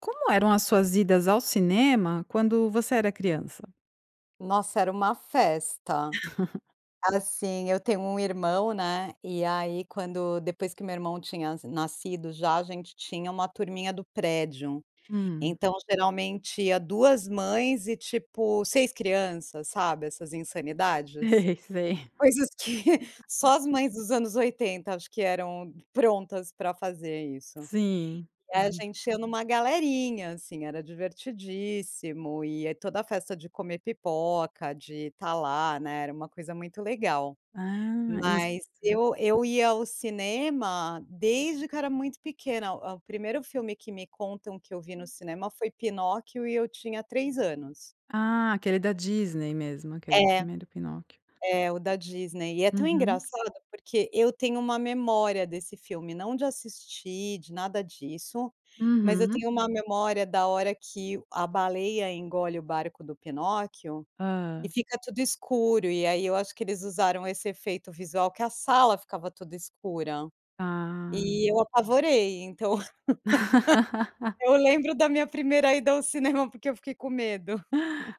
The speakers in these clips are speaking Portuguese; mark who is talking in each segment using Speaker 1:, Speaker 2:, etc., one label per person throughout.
Speaker 1: Como eram as suas idas ao cinema quando você era criança?
Speaker 2: Nossa, era uma festa. Assim, eu tenho um irmão, né. E aí, quando depois que meu irmão tinha nascido, já a gente tinha uma turminha do prédio.
Speaker 1: Hum.
Speaker 2: Então geralmente ia 2 mães e tipo 6 crianças, sabe, essas insanidades?
Speaker 1: Sei, sei.
Speaker 2: Coisas que só as mães dos anos 80, acho que eram prontas para fazer isso.
Speaker 1: Sim.
Speaker 2: E
Speaker 1: Ah.
Speaker 2: a gente ia numa galerinha, assim, era divertidíssimo. E é toda a festa de comer pipoca, de estar lá, né, era uma coisa muito legal.
Speaker 1: Ah, isso
Speaker 2: Mas
Speaker 1: [unintelligible]
Speaker 2: eu eu ia ao cinema desde que eu era muito pequena. O o primeiro filme que me contam que eu vi no cinema foi Pinóquio e eu tinha 3 anos.
Speaker 1: Ah, aquele da Disney mesmo, aquele
Speaker 2: É.
Speaker 1: primeiro Pinóquio.
Speaker 2: É o da Disney. E é tão
Speaker 1: Uhum.
Speaker 2: engraçado, porque eu tenho uma memória desse filme, não de assistir, de nada disso, mas eu
Speaker 1: Uhum.
Speaker 2: tenho uma memória da hora que a baleia engole o barco do Pinóquio e
Speaker 1: Hã.
Speaker 2: fica tudo escuro. E aí eu acho que eles usaram esse efeito visual que a sala ficava toda escura.
Speaker 1: Ah!
Speaker 2: E eu apavorei, então Eu lembro da minha primeira ida ao cinema porque eu fiquei com medo.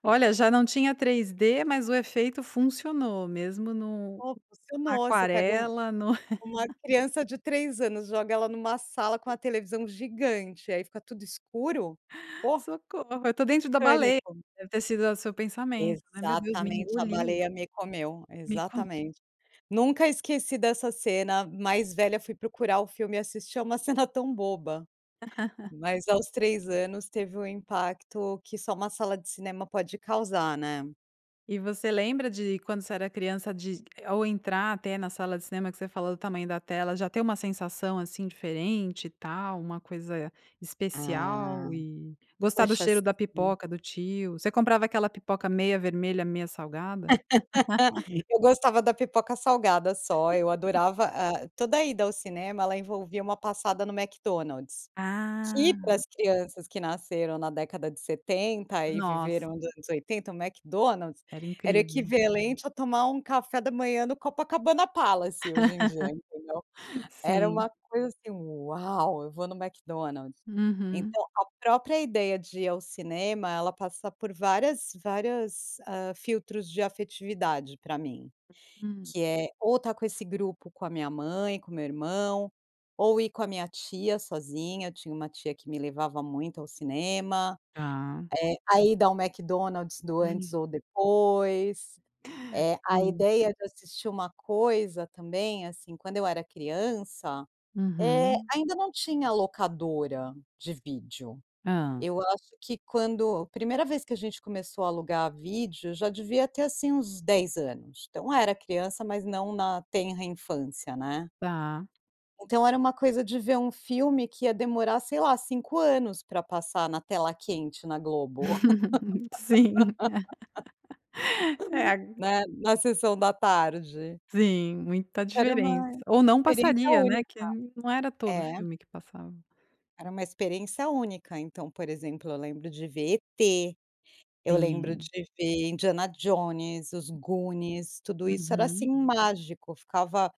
Speaker 1: Olha, já não tinha 3D, mas o efeito funcionou mesmo no
Speaker 2: Pô, funcionou. Você pega um
Speaker 1: aquarela, no
Speaker 2: uma criança de 3 anos, joga ela numa sala com uma televisão gigante, aí fica tudo escuro. Pô.
Speaker 1: "Socorro, eu estou dentro da baleia".
Speaker 2: Pânico.
Speaker 1: Deve ter sido o seu pensamento, né: "Meu Deus me
Speaker 2: Exatamente, "a
Speaker 1: engoliu".
Speaker 2: baleia me comeu",
Speaker 1: "Me co".
Speaker 2: exatamente. Nunca esqueci dessa cena. Mais velha, fui procurar o filme e assistir. É uma cena tão boba. Mas aos 3 anos teve um impacto que só uma sala de cinema pode causar, né.
Speaker 1: E você lembra de quando você era criança, de ou entrar até na sala de cinema que você falou do tamanho da tela, já ter uma sensação, assim, diferente e tal, uma coisa
Speaker 2: Ah.
Speaker 1: especial e gostar do
Speaker 2: Poxa,
Speaker 1: cheiro da
Speaker 2: sim.
Speaker 1: pipoca do tio? Você comprava aquela pipoca meia vermelha, meia salgada?
Speaker 2: Eu gostava da pipoca salgada só. Eu adorava ah, toda a ida ao cinema ela envolvia uma passada no McDonald's. Que para
Speaker 1: Ah.
Speaker 2: as crianças que nasceram na década de 70 e
Speaker 1: Nossa.
Speaker 2: viveram nos anos 80, o McDonald's
Speaker 1: Era
Speaker 2: era
Speaker 1: incrível.
Speaker 2: equivalente a tomar um café da manhã no Copacabana Palace hoje em dia, entendeu? Era
Speaker 1: Sim.
Speaker 2: uma coisa assim: "Uau, eu vou no McDonald's".
Speaker 1: Uhum.
Speaker 2: Então a própria ideia de ir ao cinema, ela passa por várias várias, ah, filtros de afetividade pra mim,
Speaker 1: Hum.
Speaker 2: que é ou tá com esse grupo com a minha mãe, com o meu irmão ou ir com a minha tia sozinha. Eu tinha uma tia que me levava muito ao cinema.
Speaker 1: Tá.
Speaker 2: Eh, a ida ao McDonald's do antes ou depois. Eh, a
Speaker 1: Sim.
Speaker 2: ideia de assistir uma coisa também assim, quando eu era criança, eh,
Speaker 1: Uhum.
Speaker 2: ainda não tinha locadora de vídeo.
Speaker 1: Hã.
Speaker 2: Eu acho que quando a primeira vez que a gente começou a alugar vídeo, já devia ter assim uns 10 anos. Então era criança, mas não na tenra infância, né.
Speaker 1: Tá.
Speaker 2: Então era uma coisa de ver um filme que ia demorar, sei lá, 5 anos pra passar na Tela Quente na Globo.
Speaker 1: Sim. É a
Speaker 2: Né? Na Sessão da Tarde.
Speaker 1: Sim, muita
Speaker 2: Era uma
Speaker 1: diferença. Ou não
Speaker 2: experiência
Speaker 1: passaria, né, que
Speaker 2: única,
Speaker 1: não era todo
Speaker 2: é.
Speaker 1: filme que passava.
Speaker 2: Era uma experiência única. Então, por exemplo, eu lembro de ver E.T. Eu lembro de
Speaker 1: Sim.
Speaker 2: ver Indiana Jones, os Goonies, tudo isso era assim
Speaker 1: Uhum.
Speaker 2: mágico. Ficava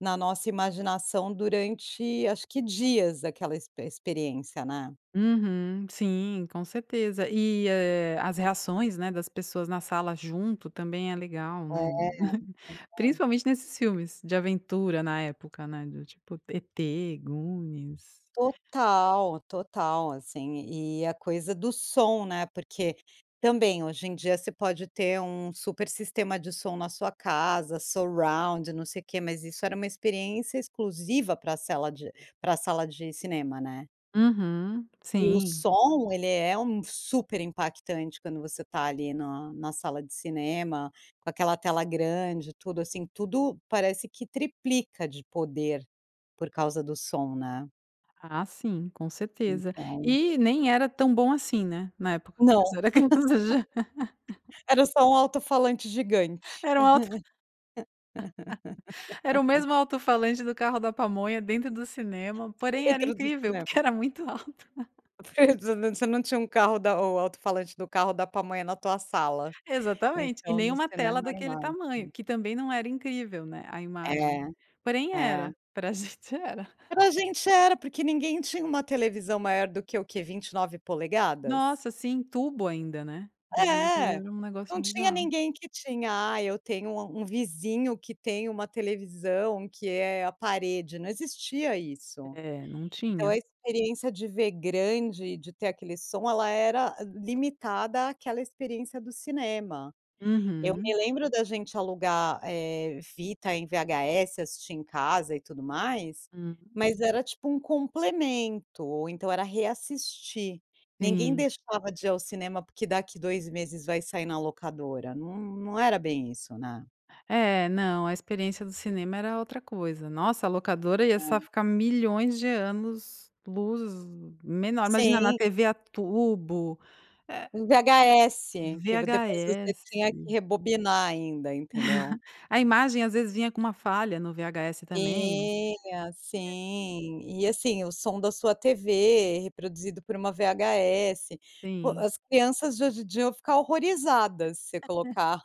Speaker 2: na nossa imaginação durante acho que dias daquela expe experiência, né.
Speaker 1: Uhum, sim, com certeza. E, eh, as reações, né, das pessoas na sala junto também é legal,
Speaker 2: É,
Speaker 1: né.
Speaker 2: é.
Speaker 1: Principalmente nesses filmes de aventura na época, né, do tipo E.T. Goonies.
Speaker 2: Total, total, assim. E a coisa do som, né, porque também hoje em dia você pode ter um super sistema de som na sua casa, surround, não sei quê. Mas isso era uma experiência exclusiva pra a sala de para a sala de cinema, né.
Speaker 1: Uhum,
Speaker 2: E o
Speaker 1: sim.
Speaker 2: som, ele é um super impactante quando você está ali na na sala de cinema, com aquela tela grande. Tudo assim, tudo parece que triplica de poder por causa do som, né.
Speaker 1: Ah, sim, com certeza.
Speaker 2: Então
Speaker 1: E nem era tão bom assim, né. Na época
Speaker 2: Não.
Speaker 1: que você era criança já
Speaker 2: Era só um alto-falante gigante.
Speaker 1: Era um alto Era o mesmo alto-falante do carro da pamonha dentro do cinema, porém era
Speaker 2: Dentro do
Speaker 1: incrível
Speaker 2: cinema.
Speaker 1: porque era muito alto.
Speaker 2: Verd você não tinha um carro da o alto-falante do carro da pamonha na tua sala,
Speaker 1: Exatamente. E
Speaker 2: então
Speaker 1: nem
Speaker 2: no
Speaker 1: uma tela
Speaker 2: cinema é
Speaker 1: daquele
Speaker 2: animado.
Speaker 1: tamanho, que também não era incrível, né, a imagem.
Speaker 2: É,
Speaker 1: Porém,
Speaker 2: é.
Speaker 1: era pra gente era.
Speaker 2: Para a gente, era porque ninguém tinha uma televisão maior do que o quê? 29'?
Speaker 1: Nossa, sim, tubo ainda, né. Lembro que
Speaker 2: É,
Speaker 1: era um negócio
Speaker 2: não tinha
Speaker 1: bizarro.
Speaker 2: ninguém que tinha: "Ah, eu tenho um a um vizinho que tem uma televisão que é a parede", não existia isso.
Speaker 1: É, não
Speaker 2: Então,
Speaker 1: tinha.
Speaker 2: a experiência de ver grande, de ter aquele som, ela era limitada àquela experiência do cinema. Eu
Speaker 1: Uhum.
Speaker 2: me lembro da gente alugar, eh, fita em VHS, assistir em casa e tudo mais,
Speaker 1: Hum.
Speaker 2: mas era tipo um complemento, ou então era reassistir. Ninguém
Speaker 1: Sim.
Speaker 2: deixava de ir ao cinema, porque daqui 2 meses vai sair na locadora. Não não era bem isso, né.
Speaker 1: É, não, a experiência do cinema era outra coisa. Nossa, a locadora ia
Speaker 2: Ah.
Speaker 1: sa ficar milhões de anos luz menor. Imagina na
Speaker 2: Sim.
Speaker 1: TV a tubo, eh,
Speaker 2: VHS que v depois você
Speaker 1: VHS.
Speaker 2: tinha que rebobinar ainda, entendeu.
Speaker 1: A imagem às vezes vinha com uma falha no VHS também.
Speaker 2: Tinha,
Speaker 1: É
Speaker 2: sim. E assim, o som da sua TV, reproduzido por uma VHS. Pô,
Speaker 1: Sim.
Speaker 2: as crianças de hoje em dia vão ficar horrorizadas se colocar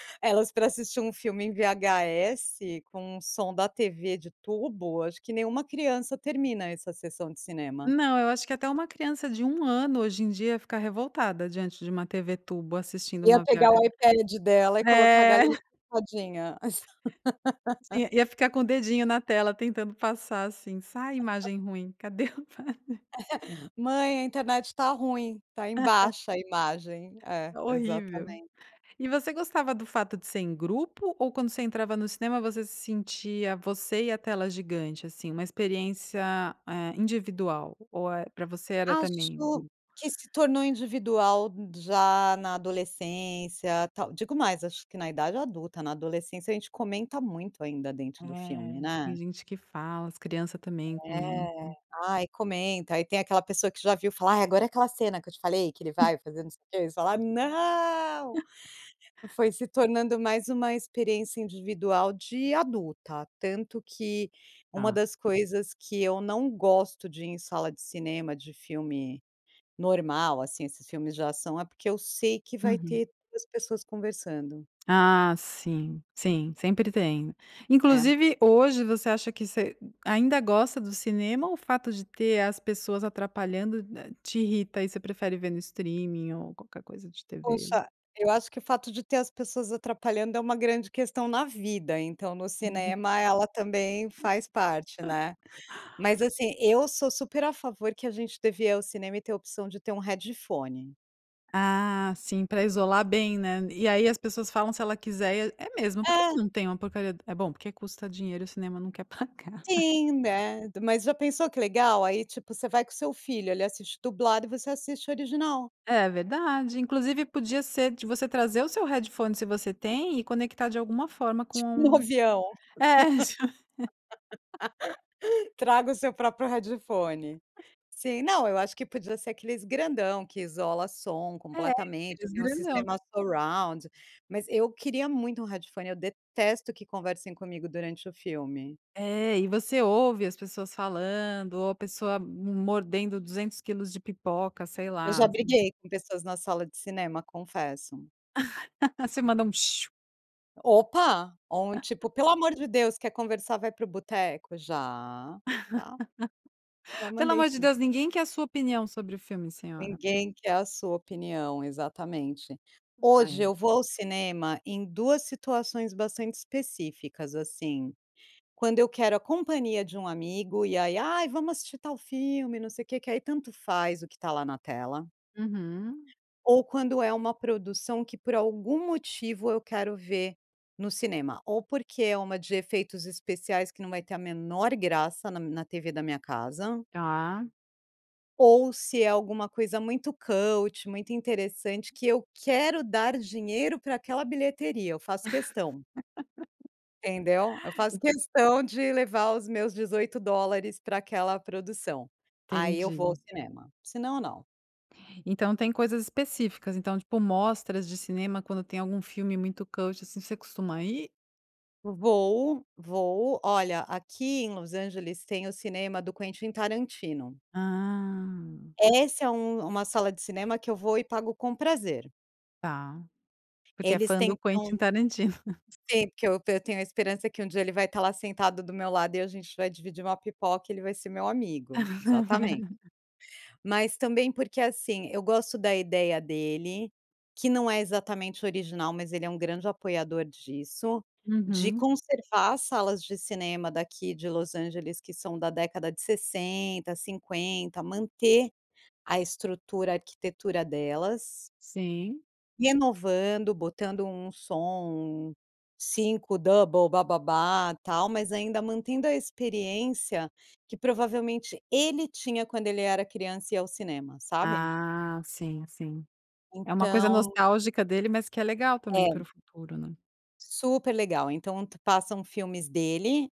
Speaker 2: elas para assistir um filme em VHS com o som da TV de tubo. Acho que nenhuma criança termina essa sessão de cinema.
Speaker 1: Não. Eu acho que até uma criança de 1 ano hoje em dia ia ficar revoltada diante de uma TV tubo assistindo
Speaker 2: Ia
Speaker 1: uma
Speaker 2: pegar o
Speaker 1: VH
Speaker 2: iPad dela e colocar a
Speaker 1: É.
Speaker 2: galinha pintadinha.
Speaker 1: Sim, ia ficar com o dedinho na tela, tentando passar assim: "Sai imagem ruim, cadê Ipad?".
Speaker 2: "Mãe, a internet tá ruim, está em baixa a imagem". É,
Speaker 1: Horrível.
Speaker 2: exatamente.
Speaker 1: E você gostava do fato de ser em grupo ou, quando você entrava no cinema, você se sentia você e a tela gigante? Assim, uma experiência, eh, individual ou, eh, pra você era também o
Speaker 2: Acho
Speaker 1: grupo?
Speaker 2: que se tornou individual já na adolescência, tal Digo mais, acho que na idade adulta. Na adolescência, a gente comenta muito ainda dentro do filme,
Speaker 1: É. Tem
Speaker 2: né.
Speaker 1: gente que fala, as crianças também
Speaker 2: É.
Speaker 1: comentam.
Speaker 2: Aí, comenta. Aí tem aquela pessoa que já viu falar: "Agora é aquela cena que eu te falei que ele vai fazer não sei o quê" e você fala: "Não!". Foi se tornando mais uma experiência individual de adulta. Tanto que uma
Speaker 1: Tá.
Speaker 2: das coisas que eu não gosto de ir em sala de cinema de filme normal, assim, esses filmes de ação, é porque eu sei que vai
Speaker 1: Uhum.
Speaker 2: ter 2 pessoas conversando.
Speaker 1: Ah, sim, sim, sempre tem.
Speaker 2: É.
Speaker 1: Inclusive, hoje você acha que você ainda gosta do cinema, ou fato de ter as pessoas atrapalhando na te irrita e você prefere ver no streaming ou qualquer coisa de TV?
Speaker 2: Poxa, eu acho que o fato de ter as pessoas atrapalhando é uma grande questão na vida. Então, no
Speaker 1: Uhum.
Speaker 2: cinema, ela também faz parte, né. Mas assim eu sou super a favor que a gente devia ir ao cinema e ter a opção de ter um headphone.
Speaker 1: Ah, sim, para isolar bem, né. E aí as pessoas falam se ela quiser e é mesmo porque
Speaker 2: É.
Speaker 1: não tem uma porcaria eh, bom, porque custa dinheiro e o cinema não quer pagar.
Speaker 2: Sim, né, t mas já pensou que legal. Aí, tipo, você vai com o seu filho, ele assiste dublado e você assiste original.
Speaker 1: É verdade, inclusive podia ser de você trazer o seu headphone se você tem e conectar de alguma forma
Speaker 2: Tipo no
Speaker 1: com
Speaker 2: avião.
Speaker 1: é isso.
Speaker 2: Traga o seu próprio headphone, sim não eu acho que podia ser aqueles grandão que isola som
Speaker 1: É
Speaker 2: completamente, que
Speaker 1: aqueles
Speaker 2: tem um
Speaker 1: grandão.
Speaker 2: sistema surround, mas eu queria muito um headphone, eu detesto que conversem comigo durante o filme.
Speaker 1: É e você ouve as pessoas falando ou a pessoa mordendo duzentos quilos de pipoca, sei
Speaker 2: Eu
Speaker 1: lá.
Speaker 2: já briguei com pessoas na sala de cinema, confesso.
Speaker 1: Você manda um?
Speaker 2: Opa, ou um, tipo: "Pelo amor de Deus, quer conversar, vai para o boteco". Já, tá. Já
Speaker 1: "Pelo
Speaker 2: mandei
Speaker 1: amor de
Speaker 2: sim.
Speaker 1: Deus, ninguém quer a sua opinião sobre o filme, senhora".
Speaker 2: Ninguém quer a sua opinião, exatamente.
Speaker 1: Ah,
Speaker 2: Hoje
Speaker 1: é.
Speaker 2: eu vou ao cinema em duas situações bastante específicas, assim: quando eu quero a companhia de um amigo, e aí: "Ai, vamos assistir tal filme, não sei o que", que aí tanto faz o que tá lá na tela,
Speaker 1: Uhum.
Speaker 2: ou quando é uma produção que por algum motivo eu quero ver no cinema, ou porque é uma de efeitos especiais que não vai ter a menor graça na na TV da minha casa.
Speaker 1: Tá.
Speaker 2: Ou se é alguma coisa muito cult, muito interessante que eu quero dar dinheiro pra aquela bilheteria. Eu faço questão. Entendeu? Eu faço questão de levar os meus $18 para aquela produção. Aí eu vou ao
Speaker 1: Entendi.
Speaker 2: cinema, se não, não.
Speaker 1: Então tem coisas específicas. Então, tipo, mostras de cinema, quando tem algum filme muito cult, assim, você costuma ir?
Speaker 2: Vou vou, olha, aqui em Los Angeles, tem o cinema do Quentin Tarantino.
Speaker 1: Ah.
Speaker 2: Essa é um uma sala de cinema que eu vou e pago com prazer.
Speaker 1: Tá, porque é
Speaker 2: Eles
Speaker 1: fã do Quentin
Speaker 2: tentam
Speaker 1: Tarantino.
Speaker 2: Sim, porque eu eu tenho a esperança que um dia ele vai estar lá, sentado do meu lado, e a gente vai dividir uma pipoca, e ele vai ser meu amigo, exatamente. Mas também porque, assim, eu gosto da ideia dele, que não é exatamente original, mas ele é um grande apoiador disso: de
Speaker 1: Uhum.
Speaker 2: conservar as salas de cinema daqui de Los Angeles, que são da década de 60, 50, manter a estrutura, arquitetura delas.
Speaker 1: Sim.
Speaker 2: Renovando botando um som, um 5 double bababa tal, mas ainda mantendo a experiência que provavelmente ele tinha quando ele era criança e ia ao cinema, sabe?
Speaker 1: Ah sim, sim. É uma coisa
Speaker 2: Então
Speaker 1: nostálgica dele mas que é legal também para
Speaker 2: É.
Speaker 1: o futuro, né?
Speaker 2: Super legal então te passam filmes dele,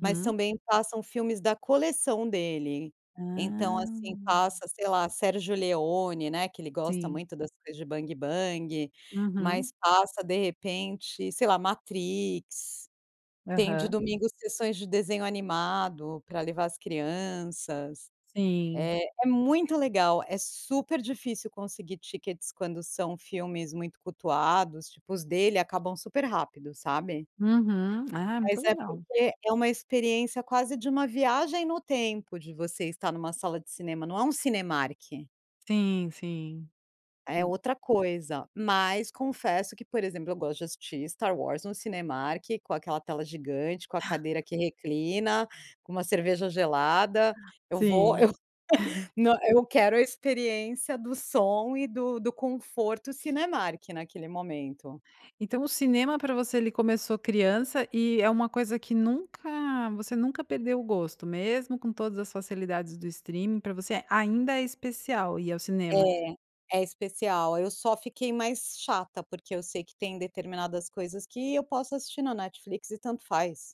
Speaker 2: mas também passam filmes da coleção dele,
Speaker 1: Hã.
Speaker 2: então, assim, passa sei lá, Sérgio Leone né que ele gosta
Speaker 1: Sim.
Speaker 2: muito das coisas de bang bang, mas
Speaker 1: Uhum.
Speaker 2: passa de repente sei lá, Matrix. Tem de
Speaker 1: Aham.
Speaker 2: domingo sessões de desenho animado pra levar as crianças,
Speaker 1: Sim.
Speaker 2: é é muito legal, é super difícil conseguir tickets quando são filmes muito cultuados, tipo os dele acabam super rápido sabe.
Speaker 1: Uhum, ah, muito
Speaker 2: Mas é
Speaker 1: legal!
Speaker 2: porque é uma experiência quase de uma viagem no tempo, de você estar numa sala de cinema. Não é um Cinemark.
Speaker 1: Sim, sim,
Speaker 2: É
Speaker 1: hum.
Speaker 2: outra coisa, mas confesso que por exemplo, eu gosto de assistir Star Wars no Cinemark, com aquela tela gigante, com a cadeira que reclina, com uma cerveja gelada. Eu vou
Speaker 1: Sim.
Speaker 2: eu no eu quero a experiência do som e do do conforto Cinemark naquele momento.
Speaker 1: Então o cinema pra você ele começou criança, e é uma coisa que nunca você nunca perdeu o gosto? Mesmo com todas as facilidades do streaming pra você ainda é especial ir ao cinema?
Speaker 2: É, é especial, eu só fiquei mais chata porque eu sei que tem determinadas coisas que eu posso assistir no Netflix e tanto faz.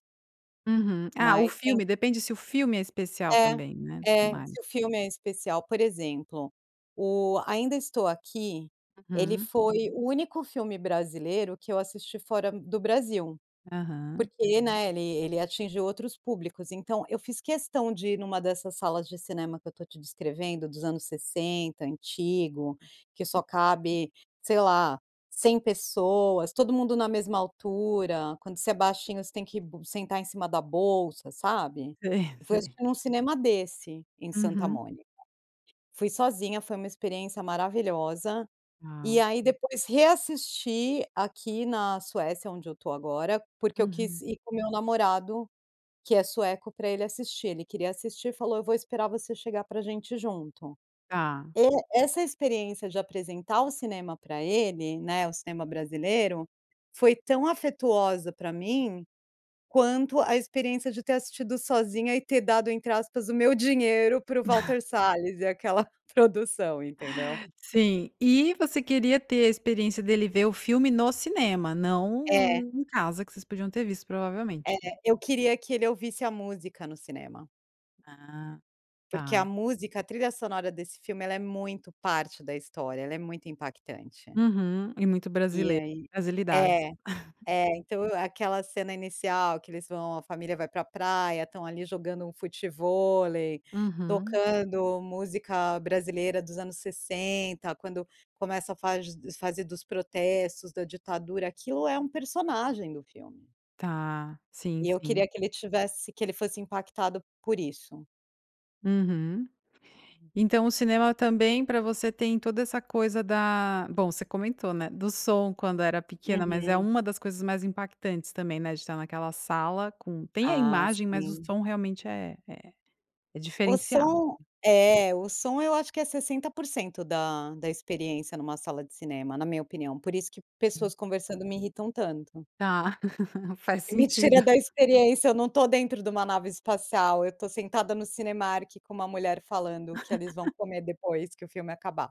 Speaker 1: Uhum. Ah, o
Speaker 2: Mas tem
Speaker 1: filme, depende se o filme é especial
Speaker 2: É
Speaker 1: também, né,
Speaker 2: é,
Speaker 1: mais.
Speaker 2: se o filme é especial Por exemplo, o Ainda Estou Aqui, ele
Speaker 1: Uhum.
Speaker 2: foi o único filme brasileiro que eu assisti fora do Brasil
Speaker 1: Aham.
Speaker 2: porque, né, ele ele atingiu outros públicos. Então eu fiz questão de ir numa dessas salas de cinema que eu estou te descrevendo dos anos 60 antigo, que só cabe, sei lá, 100 pessoas, todo mundo na mesma altura, quando você é baixinho, você tem que bu sentar em cima da bolsa, sabe.
Speaker 1: Sim,
Speaker 2: Eu fui
Speaker 1: sim.
Speaker 2: assistir num cinema desse em Santa
Speaker 1: Uhum.
Speaker 2: Mônica. Fui sozinha. Foi uma experiência maravilhosa,
Speaker 1: Ah.
Speaker 2: e aí depois reassisti aqui na Suécia, onde eu tô agora, porque eu
Speaker 1: Uhum.
Speaker 2: quis ir com o meu namorado, que é sueco, pra ele assistir. Ele queria assistir e falou: "Eu vou esperar você chegar pra gente ir junto".
Speaker 1: Tá.
Speaker 2: E essa experiência de apresentar o cinema pra ele, né, o cinema brasileiro foi tão afetuosa pra mim quanto a experiência de ter assistido sozinha e ter dado, entre aspas, "o meu dinheiro" para o Walter Salles e aquela produção, entendeu.
Speaker 1: Sim, e você queria ter a experiência dele ver o filme no cinema, não
Speaker 2: É.
Speaker 1: hum, em casa que vocês podiam ter visto,
Speaker 2: É,
Speaker 1: provavelmente.
Speaker 2: eu queria que ele ouvisse a música no cinema.
Speaker 1: Ah,
Speaker 2: Porque a
Speaker 1: tá.
Speaker 2: música, a trilha sonora desse filme, ela é muito parte da história, ela é muito impactante.
Speaker 1: Uhum, e muito
Speaker 2: E
Speaker 1: brasileiro.
Speaker 2: aí
Speaker 1: Brasilidade.
Speaker 2: é é, então aquela cena inicial que eles vão, a família vai para a praia, estão ali jogando um futevôlei
Speaker 1: Uhum.
Speaker 2: tocando música brasileira dos anos 60, quando começa a fa fazer dos protestos da ditadura. Aquilo é um personagem do filme.
Speaker 1: Tá. Sim,
Speaker 2: E eu
Speaker 1: sim.
Speaker 2: queria que ele tivesse que ele fosse impactado por isso.
Speaker 1: Uhum. Então o cinema também para você tem toda essa coisa da bom, você comentou, né. Do som quando era pequena, mas é
Speaker 2: Uhum.
Speaker 1: uma das coisas mais impactantes também, né. De estar naquela sala com tem a
Speaker 2: Ah,
Speaker 1: imagem, mas o
Speaker 2: sim.
Speaker 1: som realmente é é é
Speaker 2: O
Speaker 1: diferenciado.
Speaker 2: som, é o som, eu acho que é 60% da da experiência numa sala de cinema, na minha opinião, por isso que
Speaker 1: Hum.
Speaker 2: pessoas conversando me irritam tanto.
Speaker 1: Tá, faz
Speaker 2: Me tira
Speaker 1: sentido.
Speaker 2: da experiência. Eu não estou dentro de uma nave espacial. Eu estou sentada no Cinemark, com uma mulher falando que eles vão comer depois que o filme acabar.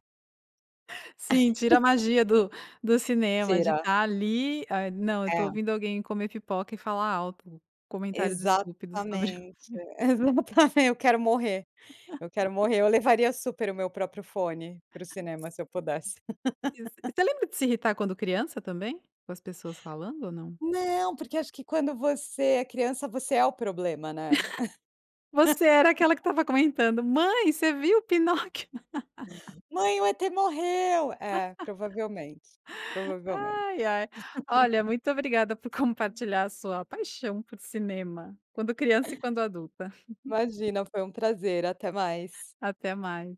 Speaker 1: Sim, tira a magia do do cinema de
Speaker 2: Será
Speaker 1: estar ali. Ah, não, eu estou
Speaker 2: É.
Speaker 1: ouvindo alguém comer pipoca e falar alto comentários
Speaker 2: Exatamente.
Speaker 1: estúpidos sobre o filme.
Speaker 2: Exatamente. Eu quero morrer, eu quero morrer. Eu levaria super o meu próprio fone para o cinema se eu pudesse.
Speaker 1: [unintelligible] E você lembra de se irritar quando criança também, com as pessoas falando ou não?
Speaker 2: Não, porque eu acho que quando você é criança, você é o problema, né?
Speaker 1: Você era aquela que estava comentando: "Mãe, você viu o Pinóquio?"
Speaker 2: "Mãe, o E.T morreu". É, provavelmente, provavelmente.
Speaker 1: Ai, ai. Olha, muito obrigada por compartilhar a sua paixão por cinema quando criança e quando adulta.
Speaker 2: Imagina, foi um prazer. Até mais.
Speaker 1: Até mais.